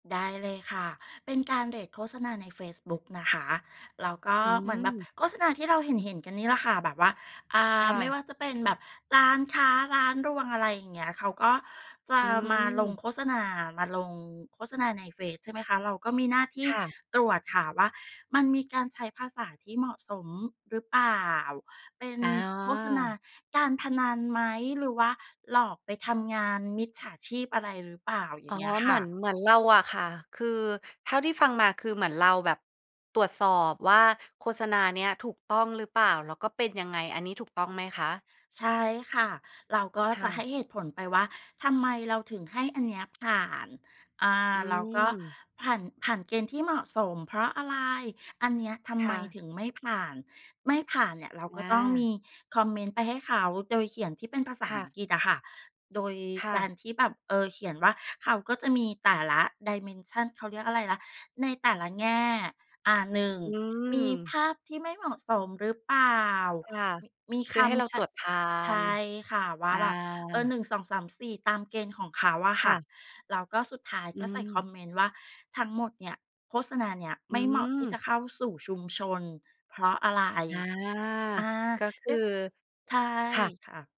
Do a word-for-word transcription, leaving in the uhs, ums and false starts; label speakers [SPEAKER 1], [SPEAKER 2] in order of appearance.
[SPEAKER 1] ได้เลยค่ะ เป็นการเรตโฆษณาในเฟซบุ๊กนะคะ แล้วก็
[SPEAKER 2] อื
[SPEAKER 1] เหมือนแบบ
[SPEAKER 2] ม
[SPEAKER 1] โฆษณาที่เราเห็น ๆ กันนี่แหละค่ะ แบบว่า อ่
[SPEAKER 2] ค
[SPEAKER 1] า
[SPEAKER 2] ่
[SPEAKER 1] ไม่
[SPEAKER 2] ะ
[SPEAKER 1] ว่าจะเป็นแบบ ร้านค้า ร้านรวง อะไรอย่างเงี้ย เขาก็จะ
[SPEAKER 2] อื
[SPEAKER 1] มาลง
[SPEAKER 2] ม
[SPEAKER 1] โฆษณา มาลงโฆษณาใน เฟซใช่ไหมคะ เราก็มีหน้าที่
[SPEAKER 2] ค่ะ
[SPEAKER 1] ตรวจค่ะ ว่ามันมีการใช้ภาษาที่เหมาะสมหรือเปล่า เป็น
[SPEAKER 2] อ๋
[SPEAKER 1] โฆษณา
[SPEAKER 2] อ
[SPEAKER 1] การพนันไหม หรือว่าหลอกไปทำงานมิจฉาชีพอะไรหรือเปล่า อย
[SPEAKER 2] อ
[SPEAKER 1] ่
[SPEAKER 2] ๋อ
[SPEAKER 1] างเงี้ย
[SPEAKER 2] เ
[SPEAKER 1] ค
[SPEAKER 2] หม
[SPEAKER 1] ่
[SPEAKER 2] ือ
[SPEAKER 1] ะ
[SPEAKER 2] น เหมือนเราอะค่ะ คือเท่าที่ฟังมาคือเหมือนเราแบบตรวจสอบว่าโฆษณานี้ถูกต้องหรือเปล่า แล้วก็เป็นยังไง อันนี้ถูกต้องไหมคะ?
[SPEAKER 1] ใช่ค่ะ เราก็
[SPEAKER 2] ค
[SPEAKER 1] จ
[SPEAKER 2] ่
[SPEAKER 1] ะให
[SPEAKER 2] ะ
[SPEAKER 1] ้เหตุผลไปว่า ทำไมเราถึงให้อันนี้ผ่าน อ่า
[SPEAKER 2] อื
[SPEAKER 1] เราก็
[SPEAKER 2] ม
[SPEAKER 1] ผ่าน ผ่านเกณฑ์ที่เหมาะสมเพราะอะไร อันเนี้ยทำ
[SPEAKER 2] ค
[SPEAKER 1] ไม
[SPEAKER 2] ่ะ
[SPEAKER 1] ถึงไม่ผ่าน ไม่ผ่านเนี่ยเรา
[SPEAKER 2] อ
[SPEAKER 1] ก็ต้องม
[SPEAKER 2] า
[SPEAKER 1] ีคอมเมนต์ไปให้เขา โดยเขียนที่เป็นภาษา
[SPEAKER 2] ค่
[SPEAKER 1] อัง
[SPEAKER 2] ะ
[SPEAKER 1] กฤษอะค่ะ โดย
[SPEAKER 2] ค่
[SPEAKER 1] ก
[SPEAKER 2] ะ
[SPEAKER 1] ารที่แบบ เอ่อ เขียนว่าเขาก็จะมีแต่ละ dimension เขาเรียกอะไรนะ ในแต่ละแง่ อ่า หนึ่ง
[SPEAKER 2] อื
[SPEAKER 1] มีภ
[SPEAKER 2] ม
[SPEAKER 1] าพที่ไม่เหมาะสมหรือเปล่า
[SPEAKER 2] ค่ะ
[SPEAKER 1] ม มี
[SPEAKER 2] ค
[SPEAKER 1] ค
[SPEAKER 2] ือให้เรา
[SPEAKER 1] ำใช
[SPEAKER 2] ต
[SPEAKER 1] ้
[SPEAKER 2] รวจทา
[SPEAKER 1] ใช
[SPEAKER 2] น
[SPEAKER 1] ่ค่ะ ว่
[SPEAKER 2] อ
[SPEAKER 1] า
[SPEAKER 2] า
[SPEAKER 1] แบบ เออ หนึ่งสองสามสี่ ตามเกณฑ์ของเขาอะ
[SPEAKER 2] ค
[SPEAKER 1] ค
[SPEAKER 2] ่
[SPEAKER 1] ่ะ
[SPEAKER 2] ะ
[SPEAKER 1] แล้วก็สุดท้าย
[SPEAKER 2] อื
[SPEAKER 1] ก็ใส่คอ
[SPEAKER 2] ม
[SPEAKER 1] มเมนต์ว่า ทั้งหมดเนี่ย โฆษณาเนี่ย
[SPEAKER 2] อ
[SPEAKER 1] ไ
[SPEAKER 2] ื
[SPEAKER 1] ม่เหมาะที่
[SPEAKER 2] ม
[SPEAKER 1] จะเข้าสู่ชุมชนเพราะอะไร
[SPEAKER 2] อา
[SPEAKER 1] อ่า
[SPEAKER 2] ก็ค
[SPEAKER 1] ได
[SPEAKER 2] ือ
[SPEAKER 1] ้ ใช่
[SPEAKER 2] ค่ะ
[SPEAKER 1] ค่ะ